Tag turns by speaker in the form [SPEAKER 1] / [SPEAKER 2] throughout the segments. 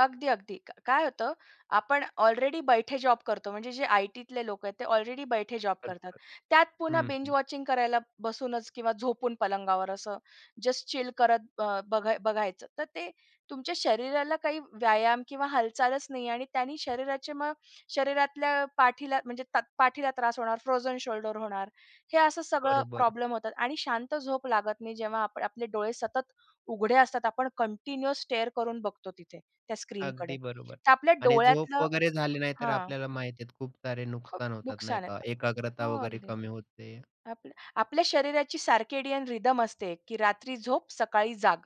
[SPEAKER 1] अगदी, अगदी. क काय होतं आपण ऑलरेडी बैठे जॉब करतो. म्हणजे जे आय-टीतले लोकं आहेत ते ऑलरेडी बैठे जॉब करतात.
[SPEAKER 2] बरोबर.
[SPEAKER 1] त्यात पुन्हा बिंज
[SPEAKER 2] हं.
[SPEAKER 1] वॉचिंग करायला बसूनच किंवा झोपून पलंगावर असं जस्ट चिल करत अ, बघ बघायचं. तर ते तुमच्या शरीराला काही व्यायाम किंवा हालचालच नाही आणि त्यांनी शरीराचे मग शरीरातल्या पाठीला म्हणजे तत पाठीला त्रास होणार, फ्रोझन शोल्डर होणार हे असं सगळं
[SPEAKER 2] बरं, बरं.
[SPEAKER 1] प्रॉब्लेम होतात आणि शांत झोप लागत नाही. जेव्हा आपण आपले डोळे सतत उघडे असतात. आपण कंटिन्यूअस स्टेअर करून बघतो तिथे त्या स्क्रीनकडे.
[SPEAKER 2] अगदी बरोबर
[SPEAKER 1] तर आपल्या
[SPEAKER 2] आणि झोप
[SPEAKER 1] डोळ्यातलं
[SPEAKER 2] वगैरे झाली नाही, तर
[SPEAKER 1] हां.
[SPEAKER 2] आपल्याला माहिती आहेत खूप सारे
[SPEAKER 1] खूप
[SPEAKER 2] नुकसान होतात नाही
[SPEAKER 1] नुकसान आहे.
[SPEAKER 2] का, एकाग्रता
[SPEAKER 1] हो
[SPEAKER 2] वगैरे
[SPEAKER 1] अगदी.
[SPEAKER 2] कमी होते.
[SPEAKER 1] आपल्या, आपल्या शरीराची सर्केडियन रिदम असते की रात्री झोप सकाळी जाग.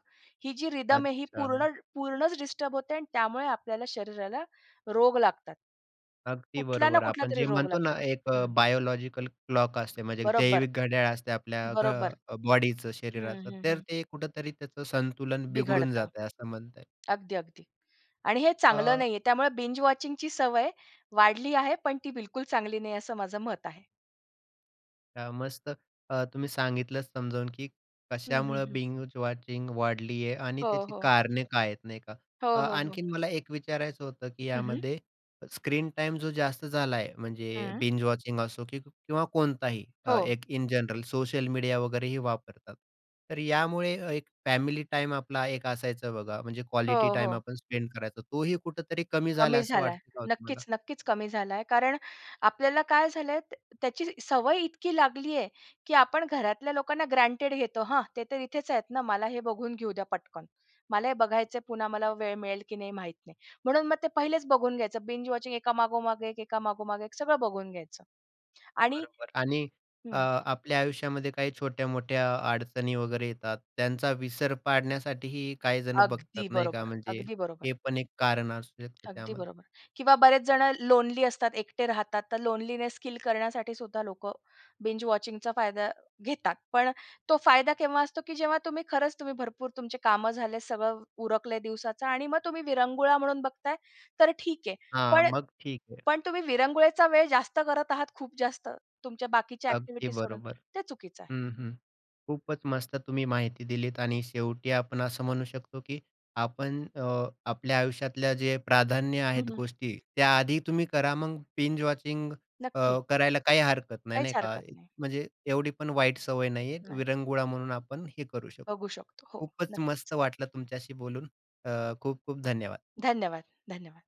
[SPEAKER 1] ही जी रिदम आहे ही
[SPEAKER 2] अच्छा.
[SPEAKER 1] पूर्ण पूर्णच डिस्टर्ब होते आणि त्यामुळे आपल्याला शरीराला रोग लागतात. कुठला ना कुठलातरी रोग लागतो. हं.
[SPEAKER 2] अगदी
[SPEAKER 1] कुठला ना
[SPEAKER 2] बरोबर. आपण
[SPEAKER 1] कुठलातरी
[SPEAKER 2] जे
[SPEAKER 1] रोग
[SPEAKER 2] म्हणतो ना
[SPEAKER 1] लागतो
[SPEAKER 2] एक अ,
[SPEAKER 1] हं.
[SPEAKER 2] बायोलॉजिकल क्लॉक असते, म्हणजे
[SPEAKER 1] बरोबर.
[SPEAKER 2] जैविक घड्याळ असते आपल्या घ
[SPEAKER 1] बरोबर.
[SPEAKER 2] अ, बॉडीचं,
[SPEAKER 1] हं,
[SPEAKER 2] शरीराचं
[SPEAKER 1] हं.
[SPEAKER 2] तर
[SPEAKER 1] हं.
[SPEAKER 2] ते कुठेतरी त्याचं संतुलन बिघडून
[SPEAKER 1] बिघडतं.
[SPEAKER 2] जातंय असं म्हणता येईल.
[SPEAKER 1] अगदी, अगदी आणि हे चांगलं
[SPEAKER 2] अ
[SPEAKER 1] नाहीये. त्यामुळे बिंज वॉचिंगची सवय वाढली आहे. पण ती बिलकुल चांगली नाहीये असं माझं मत आहे.
[SPEAKER 2] अ, मस्त. अ, तुम्ही सांगितलंच समजावून की
[SPEAKER 1] हं, हं.
[SPEAKER 2] कशामुळे
[SPEAKER 1] हं.
[SPEAKER 2] बिंज वॉचिंग वाढली आहे आणि
[SPEAKER 1] हो,
[SPEAKER 2] त्याची
[SPEAKER 1] हो.
[SPEAKER 2] कारणे काय आहेत नाही का. अ,
[SPEAKER 1] हो, हो. हो.
[SPEAKER 2] आणखीन मला एक विचारायचं होतं की
[SPEAKER 1] हं, हं.
[SPEAKER 2] यामध्ये स्क्रीन टाईम जो जास्त झाला आहे म्हणजे
[SPEAKER 1] हं.
[SPEAKER 2] बिंज वॉचिंग असो किंवा कोणताही अ,
[SPEAKER 1] हो.
[SPEAKER 2] एक इन जनरल सोशल मीडिया वगैरेही वापरतात. तर यामुळे एक फॅमिली टाईम आपला एक असायचा बघा, म्हणजे क्वालिटी
[SPEAKER 1] हो,
[SPEAKER 2] टाईम
[SPEAKER 1] हो.
[SPEAKER 2] आपण स्पेंड करायचो. तोही कुठेतरी कमी झाला
[SPEAKER 1] कमी
[SPEAKER 2] असं
[SPEAKER 1] झालाय.
[SPEAKER 2] वाटतं का हो तुम्हाला?
[SPEAKER 1] नक्कीच, नक्कीच कमी झालाय कारण आपल्याला काय झालंय, त्याची सवय इतकी लागलीये की आपण घरातल्या लोकांना ग्रँटेड घेतो हां, ते तर इथेच आहेत ना, मला हे बघून घेऊ द्या पटकन. मला हे बघायचंय, पुन्हा मला वेळ मिळेल की नाही माहित नाही. म्हणून मग ते पहिलेच बघून घ्यायचं, बिंज वॉचिंग एका मागोमाग, एक एका मागोमाग एक सगळं बघून घ्यायचं आणि
[SPEAKER 2] बरोबर आणि अ,
[SPEAKER 1] हं.
[SPEAKER 2] आपल्या आयुष्यामध्ये काही छोट्या-मोठ्या अडचणी वगैरे येतात. त्यांचा विसर पाडण्यासाठीही काही जणं बघतात
[SPEAKER 1] अगदी
[SPEAKER 2] नाही का.
[SPEAKER 1] बरोबर,
[SPEAKER 2] म्हणजे
[SPEAKER 1] अगदी बरोबर.
[SPEAKER 2] हे पण एक कारण असू शकतं
[SPEAKER 1] अगदी
[SPEAKER 2] त्यामध्ये.
[SPEAKER 1] बरोबर किंवा बरेच जणं लोनली असतात, एकटे राहतात तर लोनलीनेस स्किल करण्यासाठीसुद्धा लोकं बिंज वॉचिंगचा फायदा घेतात. पण तो फायदा केव्हा असतो, की जेव्हा तुम्ही खरंच तुम्ही भरपूर तुमची कामं झाले, सगळं उरकलय दिवसाचं आणि मग तुम्ही विरंगुळा म्हणून बघताय, तर ठीक आहे.
[SPEAKER 2] हां,
[SPEAKER 1] पण,
[SPEAKER 2] मग ठीक आहे.
[SPEAKER 1] पण तुम्ही विरंगुळेचा वेळ जास्त करत आहात, खूप जास्त तुमच्या बाकीच्या
[SPEAKER 2] अगदी
[SPEAKER 1] अ‍ॅक्टिव्हिटीज सोडून
[SPEAKER 2] बरोबर.
[SPEAKER 1] ते चुकीचं आहे.
[SPEAKER 2] हं, हं. खूपच मस्त तुम्ही माहिती दिलीत आणि शेवटी आपण असं म्हणू शकतो की आपण अ, आपल्या आयुष्यातल्या जे प्राधान्य
[SPEAKER 1] हं,
[SPEAKER 2] आहेत
[SPEAKER 1] हं.
[SPEAKER 2] गोष्टी त्या आधी तुम्ही करा, मग बिंज वॉचिंग अ,
[SPEAKER 1] नक्की.
[SPEAKER 2] करायला काही हरकत नाही,
[SPEAKER 1] काहीच
[SPEAKER 2] नाही का,
[SPEAKER 1] हरकत नाही.
[SPEAKER 2] म्हणजे एवढीपण वाईट सवय नाहीये.
[SPEAKER 1] नाही.
[SPEAKER 2] विरंगुळा म्हणून आपण हे करू शकतो.
[SPEAKER 1] बघू शकतो. हो
[SPEAKER 2] खूपच
[SPEAKER 1] नक्कीच.
[SPEAKER 2] मस्त वाटलं तुमच्याशी बोलून. अ, खूप-खूप धन्यवाद.
[SPEAKER 1] धन्यवाद, धन्यवाद.